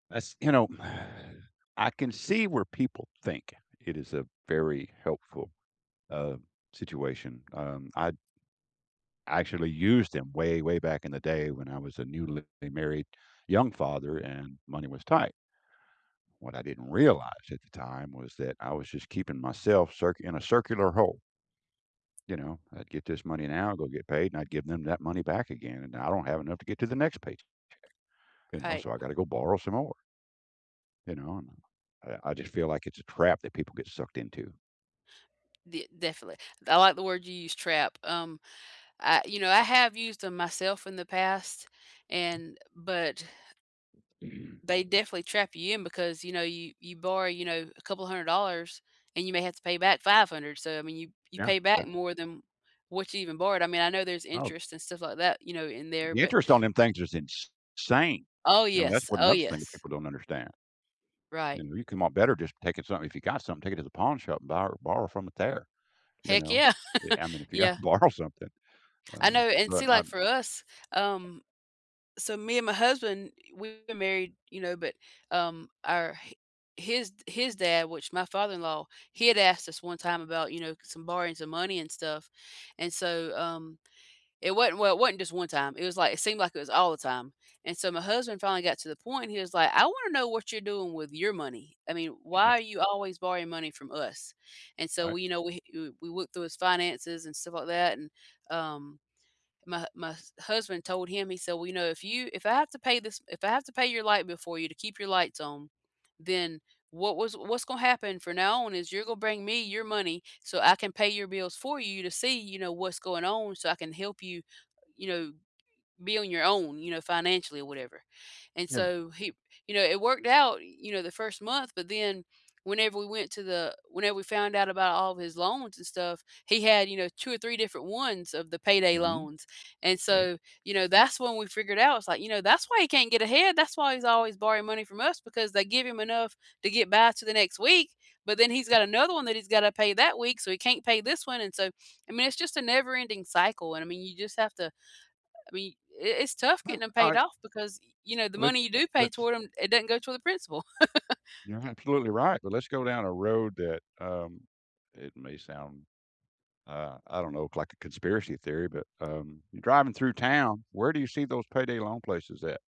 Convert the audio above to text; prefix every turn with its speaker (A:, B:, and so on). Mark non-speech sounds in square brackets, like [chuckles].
A: That's you know, [sighs] I can see where people think it is a very helpful, uh, situation. Um, I actually used them way, way back in the day when I was a newly married young father and money was tight. What I didn't realize, at the time, was that I was just keeping myself circ in a circular hole. You know? I'd get this money now, go get paid, and I'd give them that money back again, and now I don't have enough to get to the next paych check, you know? So,
B: Right.
A: I got to go borrow some more you know? And I I just feel like it's a trap that people get sucked into.
B: De Definitely. I like the word you use, "trap". Um, I you know, I have used them myself in the past
A: [unintelligible]
B: and but they
A: [clears throat]
B: definitely trap you in because, you know, you you borrow, you know, a couple $100, and you may have to pay back $500, so, I mean, you you
A: Yeah.
B: pay
A: Yeah.
B: back more than what you even borrowed. I mean, I know there's
A: Oh.
B: interest and stuff like that, you know, in there,
A: The
B: but
A: interest on them things is ins sane.
B: Oh,
A: You know? That's
B: yes.
A: what
B: Oh,
A: another thing that
B: yes.
A: people don't understand.
B: Right.
A: You know, you come out better just taking something, if you got something, take it to the pawn shop, and bor borrow from it there, you
B: Heck,
A: know?
B: yeah.
A: Eh I mean,
B: [chuckles]
A: if you gotta
B: Yeah.
A: borrow something.
B: I
A: Uh,
B: know, and
A: but
B: see,
A: I
B: like, for us, um so, me and my husband, we were married, you know, but, um, our h his his dad, which my father-in-law, he had asked us one time about, you know, some borrowing some money and stuff. And so, um, it wasn't well, it wasn't just one time, it was like it seemed like it was all the time, and so my husband finally got to the point, and he was like, "I wanna know what you're doing with your money, I mean,
A: Yeah.
B: why are you always borrowing money from us?" And so,
A: Right.
B: we you know, we w we looked through his finances and stuff like that. And, um my my h husband told him, he said, "Well, you know, if you if I have to pay this if I have to pay your light bill for you to keep your lights on, then, what was what's gonna happen from now on is you're gonna bring me your money, so I can pay your bills for you to see, you know, what's going on, so I can help you, you know, b be on your own, you know, financially or whatever." And,
A: Yeah.
B: so, he you know, it worked out, you know, the 1st month, but then whenever we went to the whenever we found out about all of his loans and stuff, he had, you know, 2 or 3 different ones of the payday
A: Mhm.
B: loans. And
A: Okay.
B: so, you know, that's when we figured out, it's, like, you know, "That's why he can't get ahead, that's why he was always borrowing money from us, because they give him enough to get by to the next week, but then he's
A: [unintelligible]
B: got another one that he's gotta pay that week, so he can't pay this one, and so" I mean, it's just a never ending cycle, and, I mean, you just have to I mean, i it's tough
A: Well,
B: getting them paid
A: I
B: off because, you know, the
A: Let
B: money you do pay
A: let's
B: toward them, it doesn't go toward the principal. [chuckles]
A: You're absolutely right, but let's go down a road that, um, that may sound, uh, I don't know, c like a conspiracy theory, but, um, you're driving through town, where do you see those payday loan places at?